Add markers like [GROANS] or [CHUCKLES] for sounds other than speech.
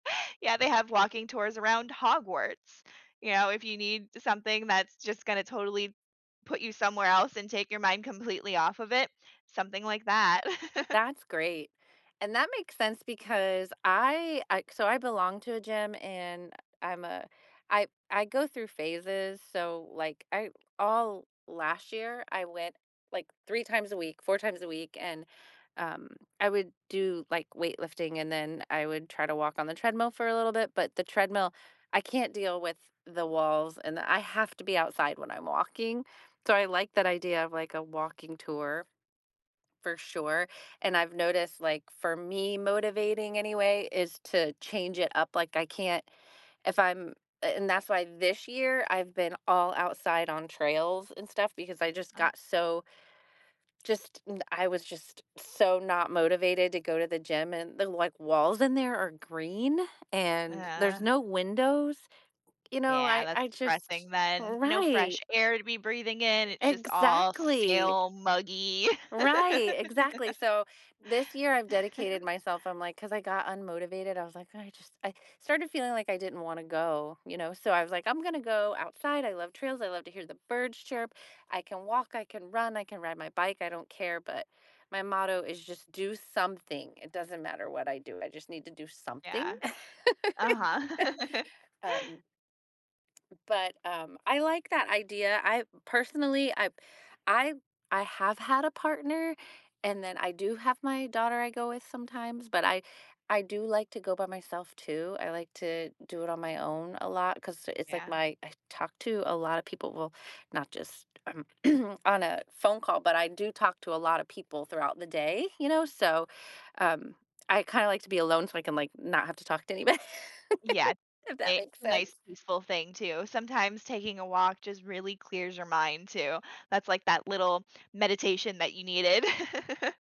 Yeah, they have walking tours around Hogwarts. You know, if you need something that's just gonna totally put you somewhere else and take your mind completely off of it, something like that [CHUCKLES] That's great, and that makes sense because I uh so I belong to a gym, and I'm a I I go through phases, so, like, I all last year I went, like, 3 times a week, 4 times a week, and, um, I would do, like, weight lifting, and then I would try to walk on the treadmill for a little bit, but the treadmill I can't deal with the walls, and I have to be outside when I'm walking. So I like that idea of, like, a walking tour for sure, and I've noticed, like, for me, motivating anyway is to change it up, like, I can't if I'm a and that's why this year, I've been all outside on trails and stuff because I just Ah. got so just da I was just so not motivated to go to the gym, and the, like, walls in there are green, and there's no [GROANS] windows. You know, Yeah, I that's I just depressing then, no Right. fresh air to be breathing in, it's just all Exactly. stale muggy. Right, exactly, [LAUGHS] so this year, I've [CHUCKLES] dedicated myself I'm like 'cause I got unmotivated, I was like, "I just" I started feeling like I didn't wanna go, you know so I was like, "I'm gonna go outside. I love trails, I love to hear the birds chirp. I can walk. I can run. I can ride my bike, I don't care" but my motto is just do something. It doesn't matter what I do. I just need to do something. Yeah. Uh-huh. [LAUGHS] [LAUGHS] Um but, um, I like that idea, I personally I I I have had a partner, and then I do have my daughter I go with sometimes, but I I do like to go by myself too, I like to do it on my own a lot 'cause it's like Yeah. my I talk to a lot of people, well, not just, um, [CLEARS THROAT] on a phone call, but I do talk to a lot of people throughout the day, you know, so, um, I kinda like to be alone so I can, like, not have to talk to anybo [LAUGHS] Yeah if [UNINTELLIGIBLE] that it's makes a nice sense. peaceful thing too, sometimes taking a walk just really clears your mind too. That's like that little meditation that you needed. [CHUCKLES]